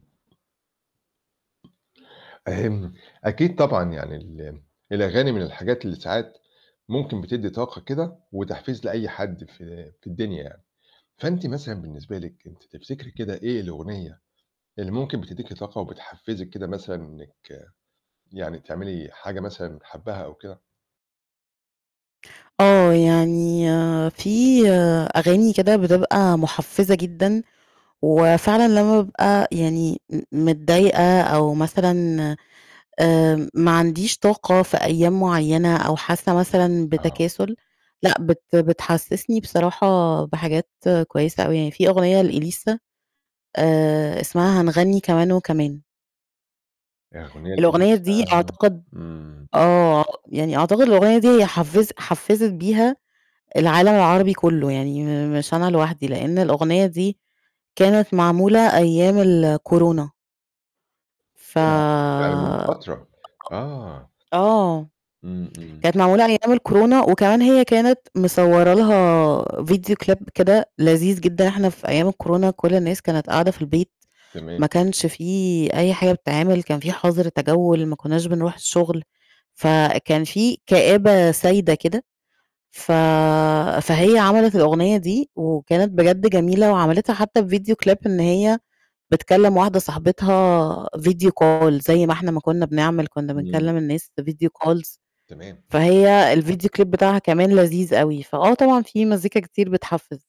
أكيد طبعًا يعني ال الأغاني من الحاجات اللي ساعات ممكن بتدي طاقة كده، وتحفيز لأي حد في في الدنيا يعني، فأنتِ مثلًا بالنسبة لِك أنتِ تفتكري كده إيه الأغنية اللي ممكن بتديكِ طاقة، وبتحفزِك كده مثلًا إنِك يعني تعملي حاجة مثلًا حباها أو كده؟ آه، يعني في أغاني كده بتبقى مُحفزة جدًا، وفعلًا لمّا بابقى يعني م متضايقة، أو مثلًا آآ ما عنديش طاقة في أيام مُعيّنة، أو حاسة مثلًا آه. بتكاسُل، لأ، بت بتحسسني بصراحة بحاجات كويسة أوي، يعني في أغنية لإليسا آآ اسمها هنغني كمان وكمان. أُغنية الأغنية لإليسا دي أعتقد امم. آه، يعني أعتقد الأغنية دي هي حفزِت حفزِت بيها العالم العربي كُلّه، يعني م مش أنا لوحدي، لإن الأغنية دي كانت معمولة أيام الكورونا. ف ياه! يعني من فترة، آه. آه، إمم، إمم. كانت معمولة أيام الكورونا، وكمان هي كانت مصوره لها Video Clip كده لذيذ جدًا، إحنا في أيام الكورونا كُلّ الناس كانت قاعدة في البيت، تمام. ما كانش في أي حاجة بتتعمل، كان في حظر تجوّل، ما كناش بنروح الشُّغل، فكان في كآبة سايدة كده، ف فهي عملت الأغنية دي، وكانت بجد جميلة، وعملتها حتى في Video Clip إن هي بتكلِّم واحدة صاحبتها Video Call زي ما إحنا ما كُنّا بنعمِل، كُنّا إمم. بنكلِّم الناس Video Calls تمام. فهي الVideo Clip بتاعها كمان لذيذ أوي، فآه طبعًا في مزيكا كتير بتحفِز.